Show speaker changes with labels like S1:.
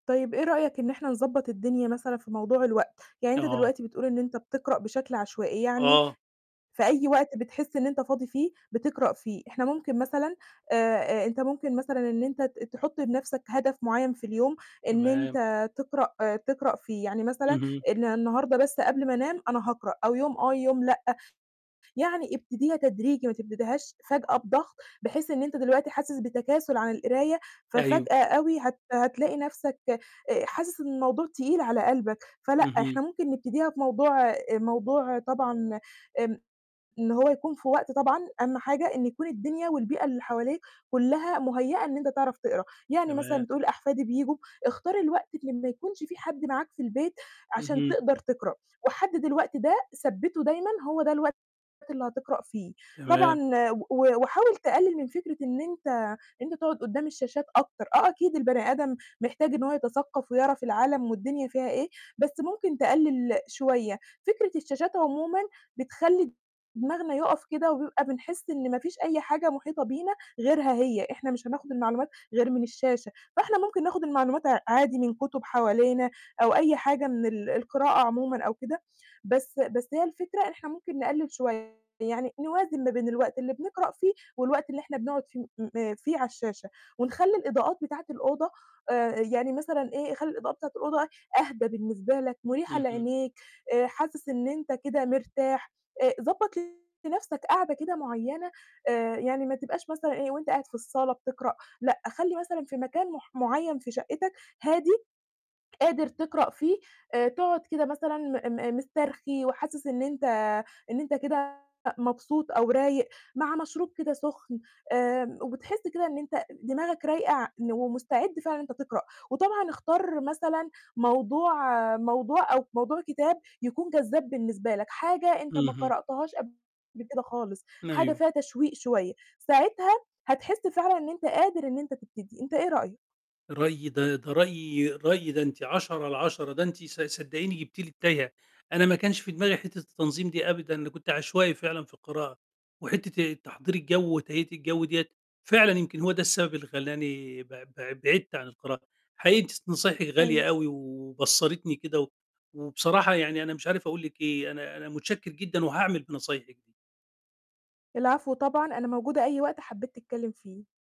S1: طيب إيه رأيك إن إحنا نضبط الدنيا مثلًا في موضوع الوقت، يعني أنت
S2: أها.
S1: دلوقتي بتقول إن أنت بتقرأ بشكل عشوائي، يعني
S2: آه.
S1: في أي وقت بتحس إن أنت فاضي فيه بتقرأ فيه، إحنا ممكن مثلًا آآ آآ، أنت ممكن مثلًا إن أنت ت تحُط لنَفْسك هدف معيّن في اليوم إن
S2: تمام.
S1: أنت تقرأ تقرأ فيه، يعني مثلًا
S2: اهم.
S1: إن النهارده بس قبل ما أنام أنا هاقرأ أو يوم آه، يوم لأ، يعني ابتديها تدريجي ما تبتديهاش فجأة بضغط، بحيث إن أنت دلوقتي حاسس بتكاسُل عن القراية،
S2: أيوه.
S1: ففجأة أوي هت هتلاقي نَفْسك آآ، حاسس إن الموضوع تقيل على قلبك فلأ،
S2: اهم.
S1: إحنا ممكن نبتديها في موضوع آآ، موضوع طبعًا آمم، إن هو يكون في وقت طبعًا أهَم حاجة إنه يكون الدنيا والبيئة اللي حواليك كلّها مُهيّأة إن أنت تعرف تقرأ، يعني مثلًا
S2: تمام.
S1: بتقول أحفادي بييجوا، اختار الوقت اللي ما يكونش في حد معاك في البيت، عشان
S2: اهم.
S1: تقدر تقرأ، وحدد الوقت ده ثبّته دايمًا هو ده الوقت اللي هتقرأ فيه،
S2: تمام.
S1: طبعًا و و وحاول تقلِّل من فكرة إن أنت إن أنت تقعُد قدّام الشاشات أكتر، آه، أكيد البَني آدم محتاج إنه هو يتثقّف ويعرف العالم والدنيا فيها إيه، بس ممكن تقلِّل شوية فكرة الشاشات عمومًا بتخلّي دماغنا يوقَف كده وبيبقى بنحس إن ما فيش أي حاجة مُحيطة بينا غيرها هي، إحنا مش هناخُد المعلومات غير من الشاشة، فإحنا ممكن ناخُد المعلومات ع عادي من كتب حوالينا أو أي حاجة من ال القراءة عمومًا أو كده، بس بس هي الفكرة إحنا ممكن نقلِّل شوية. يعني نوازن ما بين الوقت اللي بنقرأ فيه والوقت اللي إحنا بنقعُد ف [unintelligible] فيه على الشاشة ونخلّي الإضاءات بتاعة الأوضة آآ، آآ يعني مثلًا إيه، خلّي الإضاءة بتاعة الأوضة أهدى بالنسبة لك، مُريحة
S2: اهم.
S1: لعينيك، آآ، حاسس إن أنت كده مرتاح آآ، ضبّط لنَفْسك قاعدة كده معيّنة آآ يعني ما تبقاش مثلًا إيه وأنت قاعد في الصالة بتقرأ لأ، خلّي مثلًا في مكان مح معيّن في شقّتك هادي، قادر تقرأ فيه آآ، تقعُد كده مثلًا م م مِسترخي وحاسس إن أنت إن أنت كده مبسوط أو رايق مع مشروب كده سخن آمم، وبتحس كده إن أنت دماغك رايقة ع ن ومستعد فعلًا إن أنت تقرأ وطبعًا اختار مثلًا موضوع موضوع أو موضوع كتاب يكون جذّاب بالنسبة لك، حاجة أنت ما
S2: اهم.
S1: قرأتهاش قبل كده خالص، حاجة
S2: أيوه.
S1: فيها تشويق شوية ساعتها هتحس فعلًا إن أنت قادر إن أنت تبتدي أنت إيه رأيك؟
S2: رأيي ده ده رأيي رأيي ده أنتِ عَشَرة على عَشَرة ده أنتِ ص صدقيني جبتِ لي التايهة، أنا ما كانش في دماغي حتة التنظيم دي أبدا، أنا كنت عشوائي فعلًا في القراءة وحتة آآ، تحضير الجَو وتهيئة الجَو دِيّة فعلًا يمكن هو ده السبب اللي خلّاني بع بع بعِدت عن القراءة، حقيقي أنتِ س نصايحِك غالية
S1: أيوه.
S2: أوي و وبصّرتني كده، و وبصراحة يعني أنا مش عارف أقول لِك إيه، أنا أنا مُتشكّر جدًا وهاعمل بنصايحِك دي.
S1: العفو طبعًا، أنا موجودة أي وقت حبّيت تتكلّم فيه.